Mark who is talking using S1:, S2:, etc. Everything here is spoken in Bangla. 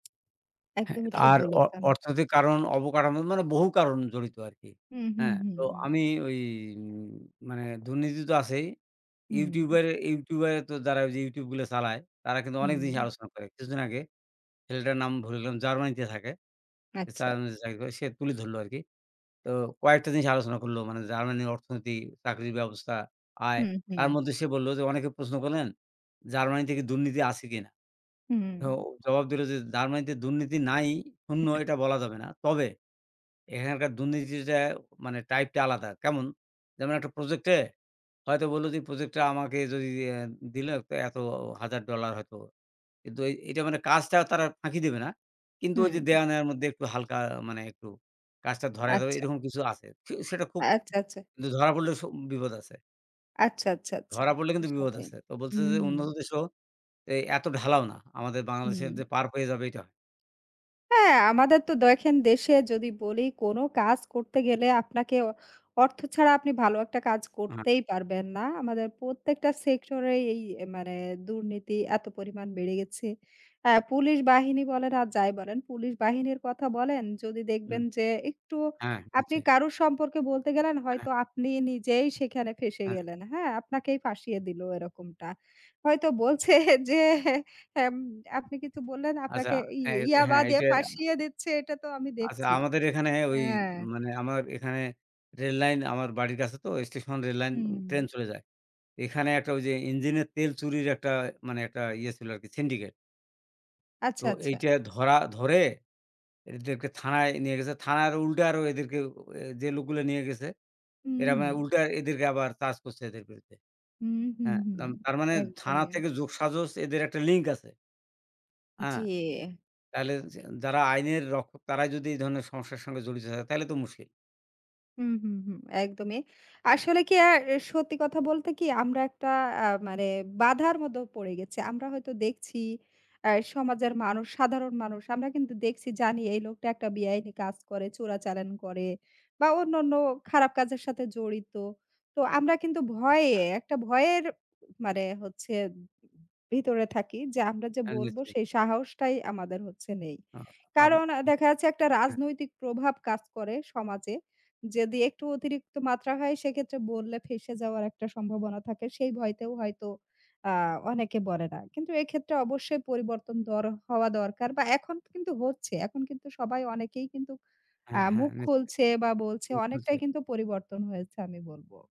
S1: হ্যাঁ,
S2: একদমই
S1: তা
S2: ঠিক
S1: আর অ
S2: বলেছেন।
S1: অর্থনৈতিক কারণ, অবকারন মানে বহু কারণ জড়িত আরকি,
S2: হু, হু,
S1: হ্যাঁ?
S2: হু,
S1: তো
S2: হু।
S1: আমি ওই উম মানে দুর্নীতি তো আছেই। YouTube
S2: হুম।
S1: এর YouTube এর তো যারা ওই যে YouTube গুলো চালায় তারা কিন্তু অনেক জিনিস
S2: হুম।
S1: আলোচনা করে। কিছুদিন আগে ছেলেটার নাম ভুলে গেলাম, জার্মানিতে থাকে। সে
S2: আচ্ছা।
S1: জার্মানিতে চাকরি করে, সে তুলে ধরলো আরকি। তো কয়েকটা জিনিস আলোচনা করলো। মানে জার্মানির অর্থনীতি, চাকরির ব্যবস্থা, আয়।
S2: হুম, হুম।
S1: তার মধ্যে সে বললো যে অনেকে প্রশ্ন করলেন জার্মানিতে কি দুর্নীতি আছে কিনা?
S2: হুম।
S1: ও জবাব দিলো যে জার্মানিতে দুর্নীতি নাই, শূন্য এটা বলা যাবে না। তবে এখানকার দুর্নীতিটা মানে type টা আলাদা। কেমন? যেমন একটা project এ হয়তো বললো যে project টা আমাকে যদি, অ্যা দিলো, তো এতো হাজার ডলার হয়তো। কিন্তু এই এইটা মানে কাজটা তারা ফাঁকি দেবে না। কিন্তু
S2: হুম।
S1: ওই যে দেওয়া নেওয়ার মধ্যে একটু হালকা মানে একটু কাজটা ধরায় দেওয়া
S2: আচ্ছা।
S1: এইরকম কিছু আছে। খু সেটা খুব
S2: আচ্ছা, আচ্ছা।
S1: কিন্তু ধরা পড়লেও স বিপদ আছে।
S2: আচ্ছা, আচ্ছা, আচ্ছা।
S1: ধরা পড়লে
S2: ওর
S1: কিন্তু বিপদ
S2: সাথেই।
S1: আছে। তো বলছে যে উন্নত
S2: হুম।
S1: দেশেও এই এত ঢালাও না। আমাদের বাংলাদেশের যে
S2: হুম।
S1: পার পেয়ে যাবে এইটা।
S2: হ্যাঁ, আমাদের তো দেখেন দেশে যদি বলি কোনো কাজ করতে গেলে আপনাকে অর্থ ছাড়া আপনি ভালো একটা কাজ
S1: হাট
S2: করতেই পারবেন না। আমাদের প্রত্যেকটা সেক্টরেই এই অ্যা মানে দুর্নীতি এত পরিমাণ বেড়ে গেছে। আ পুলিশ বাহিনী বলেন আর যাই বলেন, পুলিশ বাহিনীর কথা বলেন যদি
S1: হুম।
S2: দেখবেন যে একটু
S1: হ্যাঁ।
S2: আপনি
S1: পিছেই।
S2: কারো সম্পর্কে বলতে গেলেন,
S1: হ্যাঁ।
S2: হয়তো আপনি নিজেই সেখানে ফেঁসে
S1: হ্যাঁ।
S2: গেলেন, হ্যাঁ? আপনাকেই ফাঁসিয়ে দিলো এরকমটা। হয়তো বলছে যে, এম আপনি কিছু বললেন
S1: আচ্ছা।
S2: আপনাকে ই
S1: হ্যাঁ,
S2: ইয়াবা
S1: হ্যাঁ,
S2: দিয়ে
S1: এইটা
S2: ফাঁসিয়ে দিচ্ছে এটা তো আমি
S1: আচ্ছা,
S2: দেখছি।
S1: আমাদের এখানে ওই
S2: হ্যাঁ।
S1: মানে আমার এখানে রেললাইন আমার বাড়ির কাছে তো স্টেশন রেললাইন ট্রেন
S2: হুম।
S1: চলে যায়। এখানে একটা ওই যে ইঞ্জিনের তেল চুরির একটা মানে একটা ইয়ে ছিল আরকি syndicate।
S2: আচ্ছা,
S1: তো
S2: আচ্ছা।
S1: এইটা ধরা ধরে এদেরকে থানায় নিয়ে গেছে। থানার আরও উল্টা আরও এদেরকে এ যে লোকগুলো নিয়ে গেছে।
S2: হু,
S1: এরা মানে
S2: হুম।
S1: উল্টা এদেরকে আবার চার্জ করছে এদের বিরুদ্ধে।
S2: হু, হু,
S1: হ্যাঁ,
S2: হুম।
S1: যাম তার মানে থানা
S2: একদমই।
S1: থেকে যোগসাজশ এদের একটা link আছে। আ
S2: জি।
S1: তাহলে য যারা আইনের রক্ষক তারাই যদি এই ধরনের সমস্যার সঙ্গে জড়িত থাকে তাইলে তো মুশকিল।
S2: হু, হু, হু। একদমই। আসলে কি আ সত্যি কথা বলতে কি আমরা একটা আ মানে বাধার মধ্যে পড়ে গেছি। আমরা হয়তো দেখছি অ্যা সমাজের মানুষ, সাধারণ মানুষ আমরা কিন্তু দেখছি জানি এই লোকটা একটা বেআইনি কাজ করে, চোরাচালান করে বা অন্যান্য খারাপ কাজের সাথে জড়িত। তো আমরা কিন্তু ভয়ে,
S1: [unintelligible]
S2: একটা ভয়ের মানে হচ্ছে ভিতরে থাকি। যে আমরা যে
S1: হ্যাঁ।
S2: বলব
S1: নিশ্চয়ই।
S2: সেই সাহসটাই আমাদের হচ্ছে নেই।
S1: আ আব হ
S2: কারণ অ্যা দেখা যাচ্ছে একটা
S1: হ্যাঁ।
S2: রাজনৈতিক প্রভাব কাজ করে সমাজে। যদি একটু অতিরিক্ত মাত্রা হয় সেক্ষেত্রে বললে ফেঁসে যাওয়ার একটা সম্ভাবনা থাকে। সেই ভয়তেও হয়তো আ অনেকে বলে না। কিন্তু এক্ষেত্রে অবশ্যই পরিবর্তন দর হওয়া দরকার বা এখন কিন্তু হচ্ছে। এখন কিন্তু সবাই অনেকেই কিন্তু আ
S1: হ্যাঁ, হ্যাঁ।
S2: মুখ
S1: নিশ্চয়।
S2: খুলছে বা বলছে। অনেকটাই
S1: [unintelligible]
S2: কিন্তু পরিবর্তন হয়েছে আমি বলব।